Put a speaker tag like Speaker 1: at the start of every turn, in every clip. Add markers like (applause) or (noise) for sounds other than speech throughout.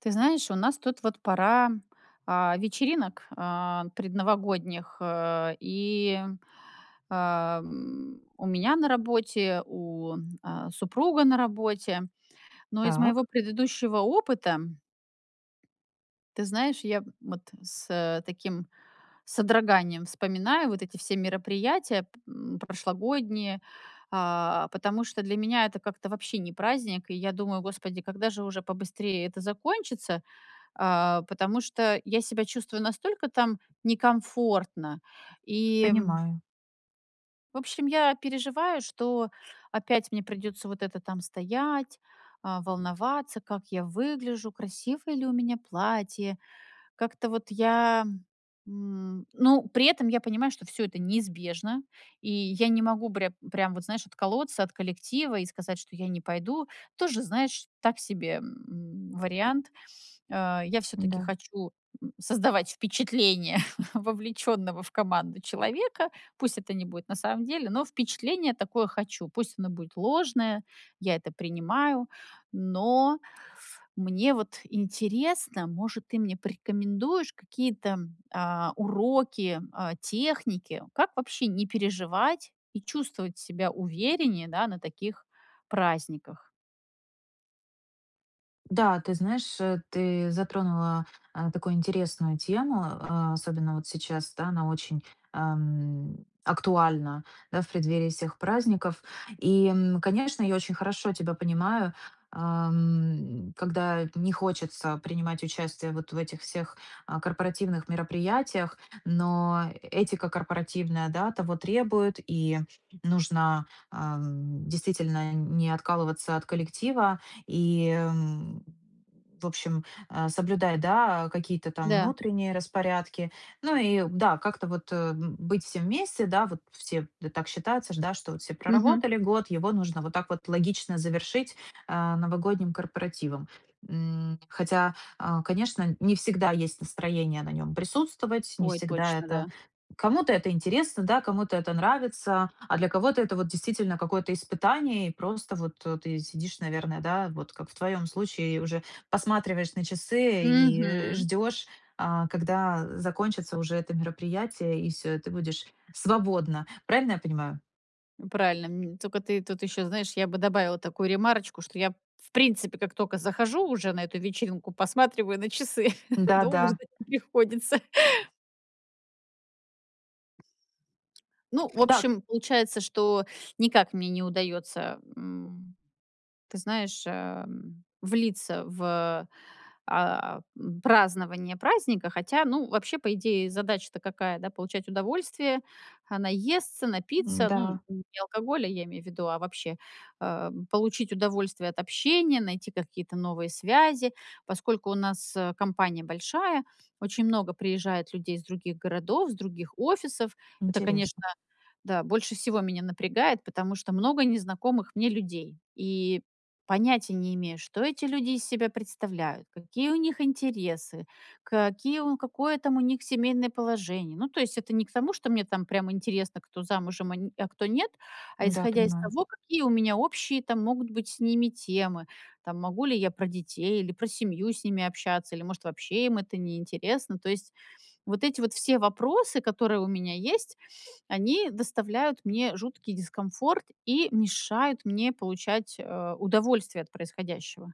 Speaker 1: Ты знаешь, у нас тут вот пора, а, вечеринок, а, предновогодних, а, и, а, м, у меня на работе, у, а, супруга на работе. Но из моего
Speaker 2: Так.
Speaker 1: предыдущего опыта ты знаешь, я вот с таким содроганием вспоминаю вот эти все мероприятия п прошлогодние, а, потому что для меня это как-то вообще не праздник. И я думаю: "Господи, когда же уже побыстрее это закончится?". А, потому что я себя чувствую настолько там некомфортно и
Speaker 2: Понимаю.
Speaker 1: в общем, я переживаю, что опять мне придётся вот это там стоять, а, волноваться, как я выгляжу, красивое ли у меня платье. Как-то вот я, м, ну, при этом я понимаю, что всё это неизбежно, и я не могу прям прям вот, знаешь, отколоться от коллектива и сказать, что я не пойду. Тоже, знаешь, так себе, м, вариант, э, я всё-таки
Speaker 2: Да.
Speaker 1: хочу создавать впечатление (chuckles) вовлечённого в команду человека, пусть это не будет на самом деле, но впечатление такое хочу, пусть оно будет ложное, я это принимаю. Но мне вот интересно, может, ты мне порекомендуешь какие-то, а, уроки, а, техники, как вообще не переживать и чувствовать себя увереннее, да, на таких праздниках?
Speaker 2: Да, ты знаешь, ты затронула, а, такую интересную тему, а, особенно вот сейчас, да, она очень, ам, актуальна, да, в преддверии всех праздников. И, конечно, я очень хорошо тебя понимаю, ам, когда не хочется принимать участие вот в этих всех, а, корпоративных мероприятиях, но этика корпоративная, да, того требует, и нужно, а, действительно, не откалываться от коллектива, и, в общем, а, соблюдать, да, какие-то там
Speaker 1: Да.
Speaker 2: внутренние распорядки. Ну, и, да, как-то вот быть всем вместе, да, вот все, так считается ж, да, что все
Speaker 1: Мгм.
Speaker 2: проработали год, его нужно вот так вот логично завершить, э, новогодним корпоративом. М, хотя, э, конечно, не всегда есть настроение на нём присутствовать, не
Speaker 1: Ой,
Speaker 2: всегда
Speaker 1: точно,
Speaker 2: это,
Speaker 1: да.
Speaker 2: кому-то это интересно, да, кому-то это нравится, а для кого-то это вот действительно какое-то испытание. И просто вот ты сидишь, наверное, да, вот как в твоём случае, и уже посматриваешь на часы и
Speaker 1: Мгм.
Speaker 2: ждёшь, а, когда закончится уже это мероприятие, и всё, и ты будешь свободна. Правильно я понимаю?
Speaker 1: Правильно, мн только ты тут ещё, знаешь, я бы добавила такую ремарочку, что я, в принципе, как токо захожу уже на эту вечеринку, посматриваю на часы. (laughs)
Speaker 2: Да,
Speaker 1: Долго
Speaker 2: да.
Speaker 1: ждать не приходится. Ну, в
Speaker 2: Да.
Speaker 1: общем, получается, что никак мне не удаётся, м, ты знаешь, э, влиться в, э, празднование праздника. Хотя, ну, вообще, по идее, задача-то какая, да? Получать удовольствие, а, наесться,
Speaker 2: М,
Speaker 1: напиться, ну,
Speaker 2: да.
Speaker 1: не алкоголя, я имею в виду, а вообще, а, получить удовольствие от общения, найти какие-то новые связи. Поскольку у нас компания большая, очень много приезжает людей из других городов, с других офисов. Это, конечно,
Speaker 2: Интересно.
Speaker 1: да, больше всего меня напрягает, потому что много незнакомых мне людей. И понятия не имея, что эти люди из себя представляют, какие у них интересы, какие какое там у них семейное положение. Ну, то есть это не к тому, что мне там прямо интересно, кто замужем, а н а кто нет, а
Speaker 2: Да,
Speaker 1: исходя из
Speaker 2: понимаю.
Speaker 1: того, какие у меня общие там могут быть с ними темы, там, могу ли я про детей или про семью с ними общаться, или, может, вообще им это неинтересно. То есть вот эти вот все вопросы, которые у меня есть, они доставляют мне жуткий дискомфорт и мешают мне получать, э, удовольствие от происходящего.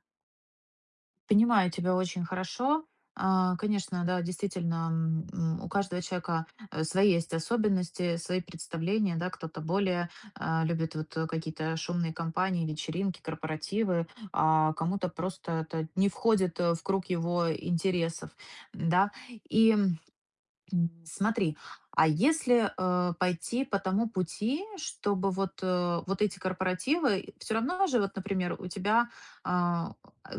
Speaker 2: Понимаю тебя очень хорошо. А, конечно, да, действительно, м, у каждого человека свои есть особенности, свои представления. Да, кто-то более, э, любит, вот, какие-то шумные компании, вечеринки, корпоративы, а, кому-то просто это не входит, э, в круг его интересов, да. И смотри, а если, э, пойти по тому пути, чтобы вот, э, вот эти корпоративы всё равно же, вот, например, у тебя, а,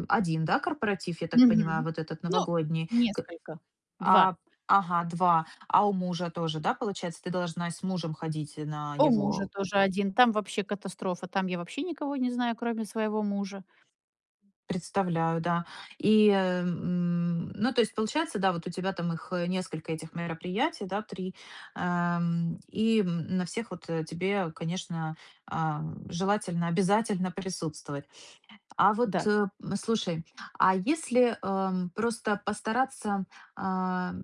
Speaker 2: 1, да, корпоратив, я так понимаю,
Speaker 1: Мгм,
Speaker 2: вот этот
Speaker 1: ну,
Speaker 2: новогодний, к
Speaker 1: несколько, 2.
Speaker 2: А, ага, 2, а у мужа тоже, да, получается, ты должна и с мужем ходить на
Speaker 1: У мужа
Speaker 2: его.
Speaker 1: тоже 1. Там вообще катастрофа, там я вообще никого не знаю, кроме своего мужа.
Speaker 2: Представляю, да. И, м, ну, то есть получается, да, вот, у тебя там их несколько этих мероприятий, да, 3, а, и на всех вот тебе, конечно, э, желательно, обязательно присутствовать. А вот
Speaker 1: Да.
Speaker 2: слушай, а если, а, просто постараться, а,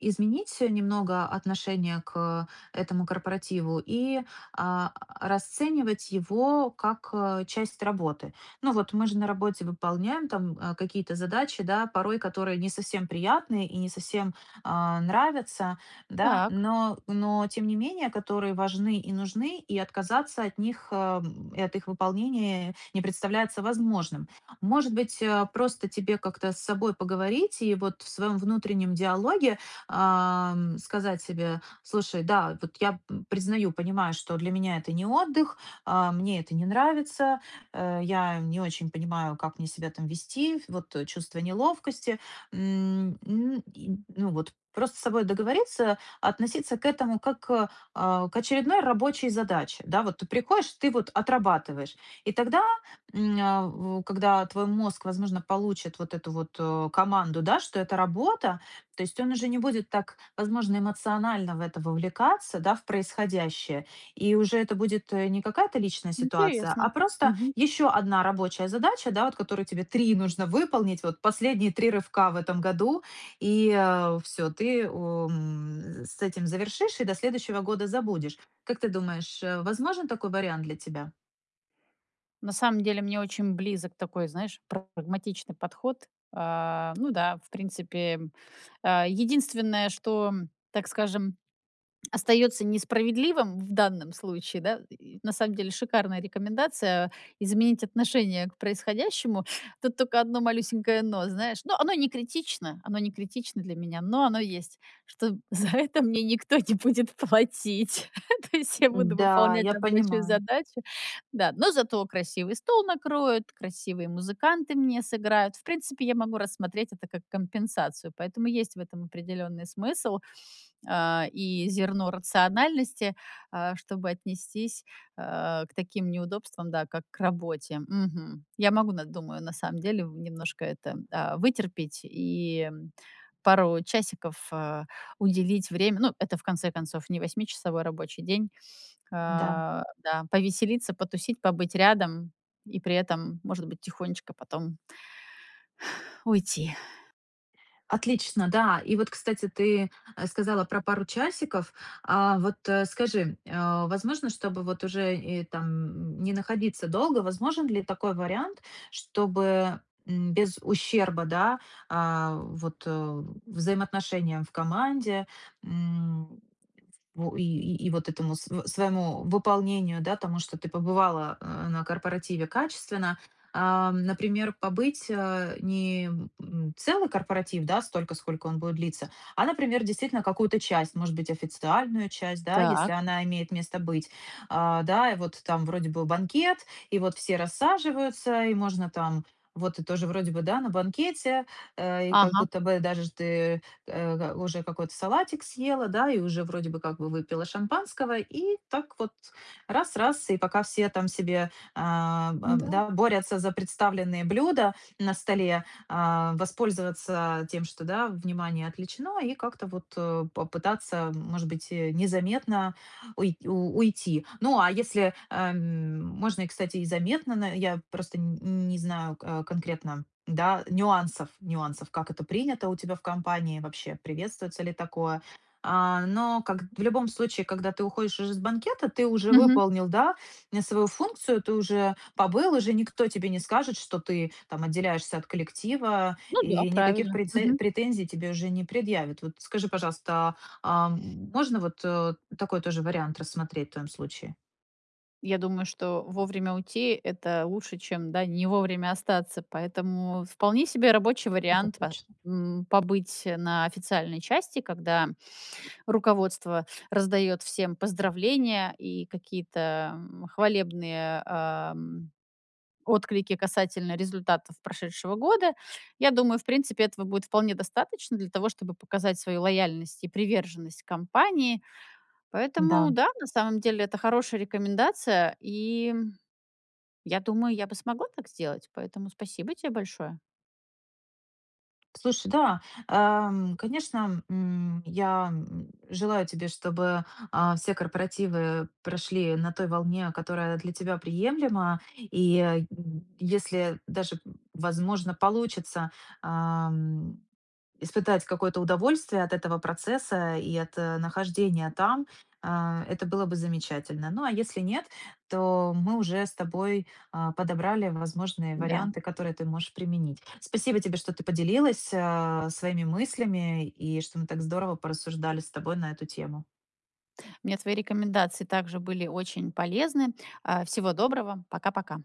Speaker 2: изменить немного отношение к этому корпоративу и, а, расценивать его как, а, часть работы? Ну, вот, мы же на работе выполняем, э, там какие-то задачи, да, порой которые не совсем приятные и не совсем, а, нравятся. Да,
Speaker 1: Так.
Speaker 2: но но тем не менее, которые важны и нужны, и отказаться от них, э, и от их выполнения не представляется возможным. Может быть, э, просто тебе как-то с собой поговорить и вот в своём внутреннем диалоге, э, сказать себе: "Слушай, да, вот я признаю, понимаю, что для меня это не отдых, а, мне это не нравится, а, я не очень понимаю, как мне себя там вести, вот чувство неловкости". Н н ну, вот просто с собой договориться, относиться к этому, как к, а, очередной рабочей задаче. Да, вот ты приходишь, ты вот отрабатываешь, и тогда, м, а, когда твой мозг, возможно, получит вот эту вот, э, команду, да, что это работа, то есть он уже не будет так, возможно, эмоционально в это вовлекаться, да в происходящее, и уже это будет не какая-то личная ситуация,
Speaker 1: Интересно,
Speaker 2: а просто
Speaker 1: мгм.
Speaker 2: ещё одна рабочая задача, да, вот которую тебе 3 нужно выполнить, вот последние 3 рывка в этом году, и, э, всё, ты, м, с этим завершишь и до следующего года забудешь. Как ты думаешь, возможен такой вариант для тебя?
Speaker 1: На самом деле мне очень близок такой, знаешь, прагматичный подход. Э, ну да, в принципе, э, единственное, что, так скажем, остаётся несправедливым в данном случае, да, и на самом деле шикарная рекомендация изменить отношение к происходящему. Тут только одно малюсенькое но, знаешь, но оно и не критично, оно не критично для меня, но оно есть, что за это мне никто не будет платить. То есть я буду
Speaker 2: Да,
Speaker 1: выполнять
Speaker 2: я
Speaker 1: рабочую
Speaker 2: понимаю.
Speaker 1: задачу. Да, но зато красивый стол накроют, красивые музыканты мне сыграют. В принципе, я могу рассмотреть это как компенсацию, поэтому есть в этом определенный смысл, э, и зерно рациональности, э, чтобы отнестись, э, к таким неудобствам, да, как к работе, мгм. Я могу на думаю, на самом деле, немножко это, э, вытерпеть и пару часиков, э, уделить время, ну, это, в конце концов, не восьмичасовой рабочий день, э,
Speaker 2: Да.
Speaker 1: да, повеселиться, потусить, побыть рядом и при этом, может быть, тихонечко потом (sighs) уйти.
Speaker 2: Отлично, да. И вот, кстати, ты сказала про пару часиков. А, вот скажи, э, возможно, чтобы, вот, уже там, не находиться долго, возможен ли такой вариант, чтобы, м, без ущерба, да, э, вот, э, взаимоотношениям в команде, м, во и и и и вот этому св своему выполнению, да, тому, что ты побывала, э, на корпоративе качественно. Э, например, побыть, а, не целый корпоратив, да, столько, сколько он будет длиться, а, например, действительно какую-то часть, может быть, официальную часть, да, если
Speaker 1: Так.
Speaker 2: она имеет место быть. Да и вот вот там вроде бы банкет, и вот все рассаживаются, и можно там вот тоже вроде бы да, на банкете, и, э, как
Speaker 1: Ага.
Speaker 2: будто бы даже ты, э, уже какой-то салатик съела, да, и уже вроде бы как бы выпила шампанского, и так вот раз-раз, и пока все там себе, а,
Speaker 1: Да.
Speaker 2: да, борются за представленные блюда на столе, а, воспользоваться тем, что, да, внимание отвлечено, и как-то вот попытаться, может быть, и незаметно уй уйти. Ну, а, если можно, э, м, можно и, кстати, и заметно, на я просто, н не знаю, а, конкретно, да, нюансов. Нюансов, как это принято у тебя в компании, вообще приветствуется ли такое. Э, но, как в любом случае, когда ты уходишь из банкета, ты уже
Speaker 1: Мгм.
Speaker 2: выполнил, да, свою функцию, ты уже побыл, уже никто тебе не скажет, что ты, там, отделяешься от коллектива
Speaker 1: Ну да,
Speaker 2: и никаких
Speaker 1: правильно,
Speaker 2: преце
Speaker 1: мгм.
Speaker 2: претензий тебе уже не предъявит. Вот скажи, пожалуйста, а, можно, вот, такой тоже вариант рассмотреть в твоём случае?
Speaker 1: Я думаю, что вовремя уйти- это лучше, чем, да, не вовремя остаться. Поэтому вполне себе рабочий
Speaker 2: Это
Speaker 1: вариант по
Speaker 2: точно.
Speaker 1: м, побыть, э, на официальной части, когда руководство раздаёт всем поздравления и какие-то, м, хвалебные, эм, отклики касательно результатов прошедшего года. Я думаю, в принципе, этого будет вполне достаточно для того, чтобы показать свою лояльность и приверженность компании. Поэтому,
Speaker 2: Да.
Speaker 1: да, на самом деле это хорошая рекомендация, и, м, я думаю, я бы смогла так сделать. Поэтому спасибо те большое.
Speaker 2: Слушай, да, эм, конечно, м, я, м, желаю тебе, чтобы, э, все корпоративы прошли на той волне, которая для тебя приемлема. И, э, если даже, возможно, получится, ам, испытать какое-то удовольствие от этого процесса и от, э, нахождения там, э, это было бы замечательно. Ну, а если нет, то мы уже с тобой, э, подобрали возможные
Speaker 1: Да.
Speaker 2: варианты, которые ты можешь применить. Спасибо тебе, что ты поделилась, э, своими мыслями и что мы так здорово порассуждали с тобой на эту тему.
Speaker 1: Мне твои рекомендации также были очень полезны. А, всего доброго, пока-пока!